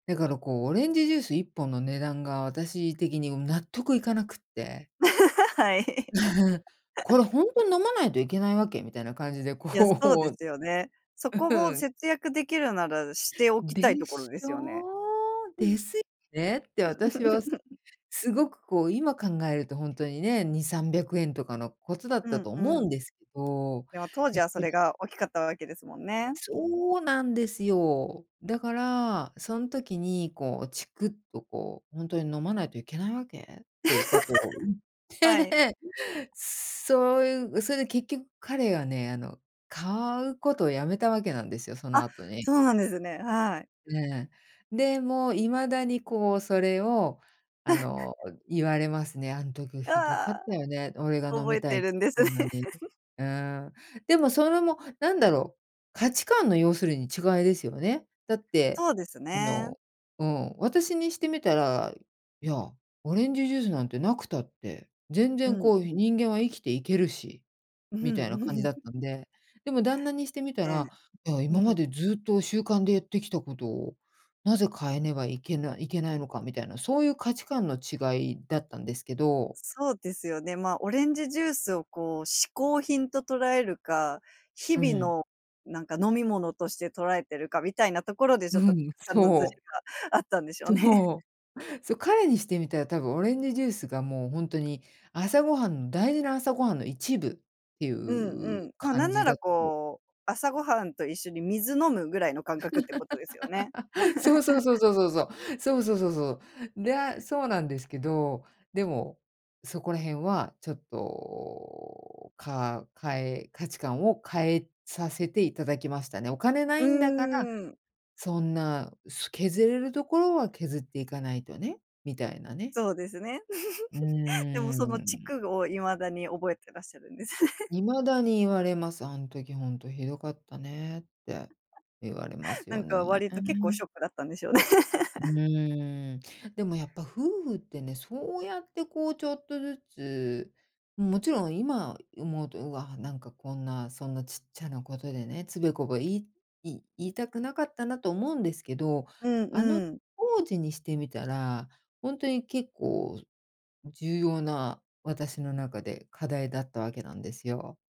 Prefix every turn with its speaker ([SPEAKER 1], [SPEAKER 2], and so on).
[SPEAKER 1] だからこう、オレンジジュース1本の値段が、私的に、うん、納得いかなくって
[SPEAKER 2] はい。
[SPEAKER 1] 「これ ほんとに飲まないといけないわけ？」みたいな感じで
[SPEAKER 2] いやそうで
[SPEAKER 1] こ
[SPEAKER 2] す
[SPEAKER 1] う
[SPEAKER 2] よね。そこも
[SPEAKER 1] うん。
[SPEAKER 2] 節約できるなら、しておき
[SPEAKER 1] で
[SPEAKER 2] たいところ
[SPEAKER 1] し
[SPEAKER 2] ですよね。
[SPEAKER 1] ょう？です、ねって私はす すごくこう、今考えるとほんとにね、2、300円とかのことだっ
[SPEAKER 2] う
[SPEAKER 1] た
[SPEAKER 2] ん、
[SPEAKER 1] と
[SPEAKER 2] う
[SPEAKER 1] 思うん
[SPEAKER 2] ん。
[SPEAKER 1] ですけど、
[SPEAKER 2] でも当
[SPEAKER 1] や
[SPEAKER 2] 時
[SPEAKER 1] っ
[SPEAKER 2] はそ
[SPEAKER 1] ぱり
[SPEAKER 2] れが大きかったわけですもんね。
[SPEAKER 1] そうなんですよ。だからそん時にこう、チクっとこう、「ほんとに飲まないといけないわけ？」っていうことを言っ
[SPEAKER 2] はい。
[SPEAKER 1] て、そういうそれで結局彼がね、あの、買うことをやめたわけなんですよ、その
[SPEAKER 2] あ、
[SPEAKER 1] 後に。
[SPEAKER 2] そうなんですね、はい。
[SPEAKER 1] で、で、もう未だにこう、それをあ の、言われますね。「あん時
[SPEAKER 2] あ
[SPEAKER 1] 酷かっ
[SPEAKER 2] あ、
[SPEAKER 1] たよね、俺が飲
[SPEAKER 2] 覚
[SPEAKER 1] み
[SPEAKER 2] え
[SPEAKER 1] た
[SPEAKER 2] て
[SPEAKER 1] いつ
[SPEAKER 2] る
[SPEAKER 1] っ
[SPEAKER 2] んです
[SPEAKER 1] て
[SPEAKER 2] ね。
[SPEAKER 1] んのに」うん。でもそれもなんだろう、価値観の、要するに違いですよね。だって
[SPEAKER 2] そうです
[SPEAKER 1] あ
[SPEAKER 2] ね。
[SPEAKER 1] のうん、私にしてみたら、「いや、オレンジジュースなんてなくたって、全
[SPEAKER 2] う
[SPEAKER 1] 然
[SPEAKER 2] ん
[SPEAKER 1] こう、
[SPEAKER 2] う
[SPEAKER 1] ひ
[SPEAKER 2] ん。
[SPEAKER 1] 人間は生きていけるし」
[SPEAKER 2] う
[SPEAKER 1] みたいな
[SPEAKER 2] んう
[SPEAKER 1] 感じだ
[SPEAKER 2] ん。
[SPEAKER 1] ったんで。でも旦那にしてみた
[SPEAKER 2] ね、
[SPEAKER 1] ら、「いや、
[SPEAKER 2] う
[SPEAKER 1] 今
[SPEAKER 2] ん。
[SPEAKER 1] までずっと習慣でやってきたことを、なぜ変えねばいけなけないのか」みたいな、そういう価値観の違いだったんですけど
[SPEAKER 2] そうですよね、ま、オレンジジュースをこう、嗜好品と捉えるか、日
[SPEAKER 1] う
[SPEAKER 2] 々
[SPEAKER 1] ん。
[SPEAKER 2] のなんか飲み物として捉えてるかみたいなところでち
[SPEAKER 1] う
[SPEAKER 2] ょっと、
[SPEAKER 1] ん、
[SPEAKER 2] 観のずれ
[SPEAKER 1] そう。
[SPEAKER 2] があったんでしょうね。
[SPEAKER 1] そう。そ、彼にしてみたら、多分オレンジジュースがもうほんとに朝ごはんの大事な朝ごはんの一部ってい
[SPEAKER 2] うんう
[SPEAKER 1] う
[SPEAKER 2] ん。ま、な
[SPEAKER 1] 感
[SPEAKER 2] んな
[SPEAKER 1] じだ
[SPEAKER 2] ら
[SPEAKER 1] と
[SPEAKER 2] こう、朝ごはんと一緒に水飲むぐらいの感覚ってことですよね。
[SPEAKER 1] そうそうそう そうそうそう、そうそうそうそう。で、あ、そうなんですけど、でもそこら辺はちょっと、かかえ価値観を変えさせていただきましたね。お金な
[SPEAKER 2] う
[SPEAKER 1] いんだから、
[SPEAKER 2] ーん。
[SPEAKER 1] そんなす削れるところは削っていかないとね、みたいなね。
[SPEAKER 2] そうですね、
[SPEAKER 1] う
[SPEAKER 2] でも
[SPEAKER 1] ー
[SPEAKER 2] そのチ
[SPEAKER 1] ん。
[SPEAKER 2] クを未だに覚えてらっしゃるんですね。
[SPEAKER 1] 未だに言われます。「あん時ほんと酷かったね」って言われま す
[SPEAKER 2] な
[SPEAKER 1] よ
[SPEAKER 2] んか、割と結構シ
[SPEAKER 1] ね。
[SPEAKER 2] ョックだったんでしょうね。
[SPEAKER 1] う ーん、でもやっぱ夫婦ってね、そうやってこうちょっとずつん、もちろん、今思うと、「うわ、なんかこんな、そんなちっちゃなことでね、つべこべいい言いたくなかったな」と思うんですけど、
[SPEAKER 2] うん
[SPEAKER 1] あの
[SPEAKER 2] うん。
[SPEAKER 1] 当時にしてみたら、ほんとに結構、ん、重要な、私の中で課題だったわけなんですよ。